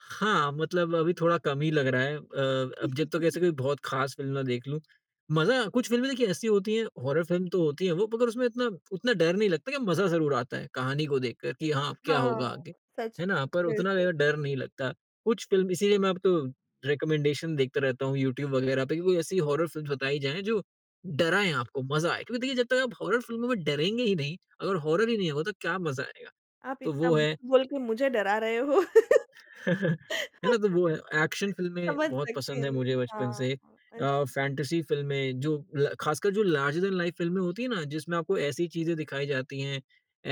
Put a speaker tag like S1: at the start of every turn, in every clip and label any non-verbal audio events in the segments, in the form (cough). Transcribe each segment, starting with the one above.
S1: हाँ, मतलब अभी थोड़ा कम ही लग रहा है अ, अब जब तक ऐसे कोई
S2: (chuckles)
S1: बहुत ख़ास फ़िल्म ना देख लूँ, मज़ा कुछ फ़िल्में देखिए ऐसी होती हैं, हॉरर फ़िल्म तो होती हैं वो मगर उसमें इतना उतना डर नहीं लगता लेकिन मज़ा ज़रूर आता है, कहानी को देखकर कि हाँ, अब क्या होगा
S2: हाँ,
S1: आगे,
S2: सच
S1: है
S2: में,
S1: ना? पर उतना
S2: बिल्कुल।
S1: ज़्यादा डर नहीं लगता। कुछ फ़िल्म इसीलिए मैं अब तो रिकमेंडेशन देखता रहता हूँ, यूट्यूब वगैरह पे कि कोई ऐसी हॉरर फ़िल्म्स बताई जाए, जो डराए आपको, मज़ा आए। क्योंकि देखिए जब तक आप हॉरर फ़िल्मों में डरेंगे ही नहीं, अगर हॉरर ही नहीं होगा तो क्या मज़ा आएगा,
S2: आप
S1: तो
S2: इतना
S1: वो है
S2: बोल-बोल के मुझे डरा रहे हो।
S1: (chuckles) है ना? तो
S2: (laughs)
S1: वो है। एक्शन फ़िल्में
S2: समझ
S1: बहुत
S2: सकती
S1: पसंद हैं
S2: हूँ।
S1: मुझे बचपन
S2: हाँ।
S1: से।
S2: अ,
S1: अ,
S2: अच्छा।
S1: फैंटेसी फ़िल्में जो ल ख़ासकर जो लार्जर देन लाइफ फ़िल्में होती हैं ना, जिसमें आपको ऐसी चीज़ें दिखाई जाती हैं,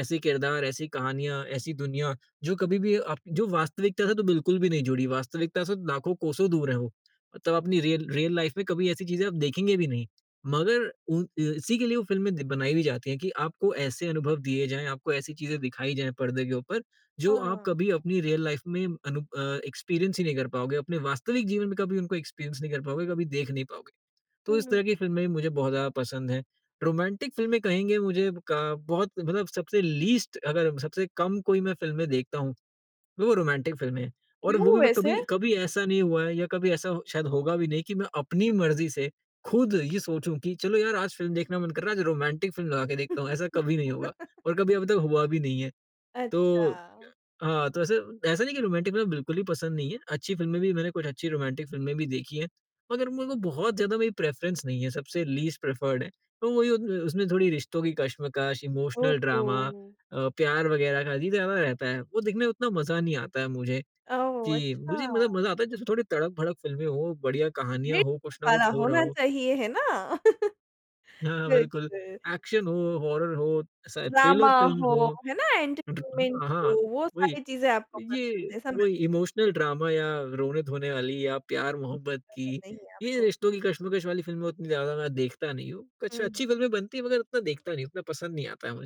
S1: ऐसे किरदार, ऐसी कहानियाँ, ऐसी दुनिया जो कभी भी आप जो वास्तविकता से तो बिल्कुल भी नहीं जुड़ी, वास्तविकता से तो लाखों कोसों दूर हैं वो, मतलब अपनी रियल रियल लाइफ में कभी ऐसी चीज़ें आप देखेंगे भी नहीं। मगर, उ इ इसी के लिए वो फ़िल्में बनाई भी जाती हैं कि आपको ऐसे अनुभव दिए जाएँ, आपको ऐसी चीज़ें दिखाई जाएँ परदे के ऊपर जो आप
S2: हाँ।
S1: कभी अपनी रियल लाइफ में अनु अ, एक्सपीरियंस ही नहीं कर पाओगे, अपने वास्तविक जीवन में कभी उनको एक्सपीरियंस नहीं कर पाओगे, कभी देख नहीं पाओगे।
S2: हुँ,
S1: तो इस
S2: हुँ।
S1: तरह की फ़िल्में भी मुझे बहुत ज़्यादा पसंद हैं। रोमांटिक फ़िल्में कहेंगे मुझे क बहुत मतलब सबसे लीस्ट अगर हम सबसे कम कोई मैं फ़िल्में देखता हूँ, वो रोमांटिक फ़िल्में। और वो
S2: क्यों
S1: भी मैं कभी
S2: वैसे?
S1: कभी ऐसा नहीं हुआ है या कभी ऐसा शायद होगा भी नहीं कि मैं अपनी मर्ज़ी से, खुद ये सोचूँ कि चलो यार आज फ़िल्म देखना मन कर रहा है आज रोमांटिक फ़िल्म लगा के देखता हूँ, ऐसा कभी नहीं होगा,
S2: (laughs)
S1: और कभी अभी तक हुआ भी नहीं है। तो य
S2: अच्छा।
S1: हाँ, तो ऐसे ऐसा नहीं है कि रोमांटिक फ़िल्में बिल्कुल ही पसंद नहीं हैं, अच्छी फ़िल्में भी मैंने कुछ अच्छी रोमांटिक फ़िल्में भी देखी हैं, मगर मेरे को बहुत ज़्यादा मेरी प्रेफरेंस नहीं है सबसे लीस्ट प्रिफर्ड हैं। तो मुझे उस उसमें थोड़ी रिश्तों की कशमकश,
S2: ओह
S1: इमोशनल ड्रामा
S2: हो!
S1: अ, प्यार वगैरह का ही ज़्यादा रहता है, वो देखने में उतना मज़ा नहीं आता है मुझे,
S2: ओह
S1: कि
S2: अच्छा!
S1: मुझे मतलब मज़ा आता है जैसे थोड़ी तड़क-भड़क फ़िल्में हो, बढ़िया कहानियाँ हो, कुछ न
S2: मिर्च-मसाला
S1: कुछ हो रहा
S2: होना
S1: हो।
S2: चाहिए, है ना? (chuckles)
S1: हाँ, बिल्कुल।
S2: बिल्कुल।
S1: एक्शन हो, हॉरर हो, स
S2: इमोशनल ड्रामा
S1: थ्रिलर फ़िल्म्स
S2: हो,
S1: हो,
S2: है ना
S1: (unintelligible)
S2: एंटरटेनमेंट
S1: अ, हाँ,
S2: हो, वो
S1: वही
S2: सारी चीज़ें आपको
S1: ये
S2: पसंद हैं, समझ
S1: वही इमोशनल ड्रामा या रोने-धोने वाली या प्यार-मोहब्बत
S2: पसंद
S1: की,
S2: नहीं है
S1: ये
S2: आपको।
S1: रिश्तों की कशमकश वाली फ़िल्में उतनी ज़्यादा मैं देखता नहीं हूँ। कुछ
S2: हुँ।
S1: अच्छी फ़िल्में बनती है मगर उतना देखता नहीं हूँ, उतना पसंद नहीं आता है मुझे।